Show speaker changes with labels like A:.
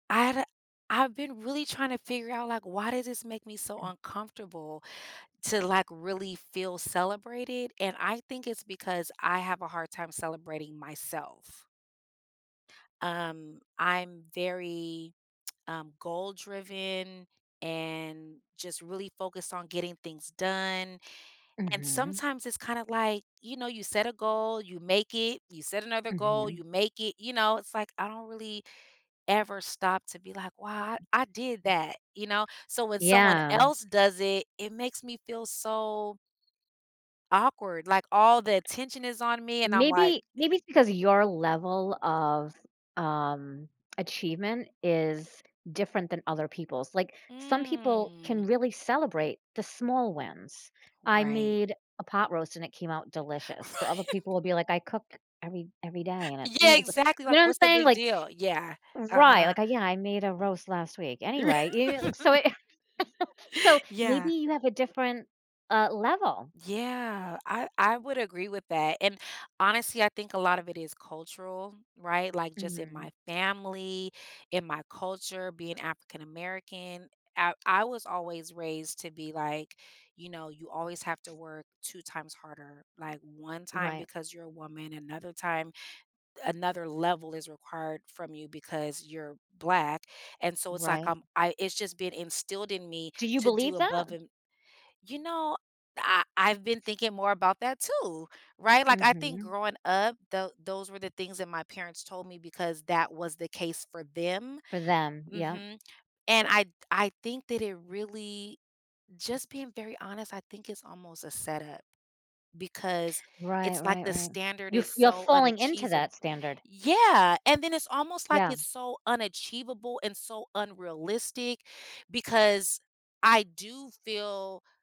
A: I've I've been really trying to figure out, like, why does this make me so uncomfortable to, like, really feel celebrated? And I think it's because I have a hard time celebrating myself. Um, I'm very, um, goal-driven, and just really focused on getting things done. And
B: Mhm.
A: sometimes, it's kinda, like, you know, you set a goal, you make it. You set another goal, you
B: Mhm.
A: make it. You know, it's like, I don't really ever stop to be, like, "Wow, I I did that." You know? So when someone
B: Yeah.
A: else does it, it makes me feel so awkward, like, all the attention is on me, and I'm, like
B: Maybe maybe it's because your level of, um, achievement is different than other people's. Like, some people can
A: Mm.
B: really celebrate the small wins. I
A: Right.
B: made a pot roast, and it came out delicious, but other people
A: Right.
B: will be like, "I cook every every day," and it's you
A: Yeah,
B: know, it's, like,
A: exactly.
B: you know
A: Like,
B: I'm
A: "What's the
B: saying?
A: big
B: Like
A: deal?" Yeah.
B: Right,
A: Uh-huh.
B: like, I "Yeah, I made a roast last week.
A: R
B: Anyway." You you know? So it So, maybe
A: Yeah.
B: you have a different, uh, level.
A: Yeah. I I would agree with that, and honestly, I think a lot of it is cultural, right? Like, just in my
B: Mhm.
A: family, in my culture, being African American, I I was always raised to be, like, you know, you always have to work 2 times harder. Like 1 time,
B: Right.
A: because you're a woman, another time another level is required from you, because you're black. And so it's, like,
B: Right.
A: I'm I it's just been instilled in me
B: Do you
A: to do
B: believe that?
A: above and you know, I I've been thinking more about that too. Right? Like, I think
B: Mhm.
A: growing up, tho those were the things that my parents told me because that was the case for them.
B: For them. Yep.
A: Mhm. And I I think that it really just being very honest, I think it's almost a set-up. Because,
B: Right,
A: it's, like,
B: right,
A: the
B: right.
A: standard
B: You're
A: is
B: you're
A: so
B: falling into
A: unachees
B: that standard.
A: yeah. And then it's almost like,
B: Yeah.
A: it's so unachievable, and so unrealistic, because I do feel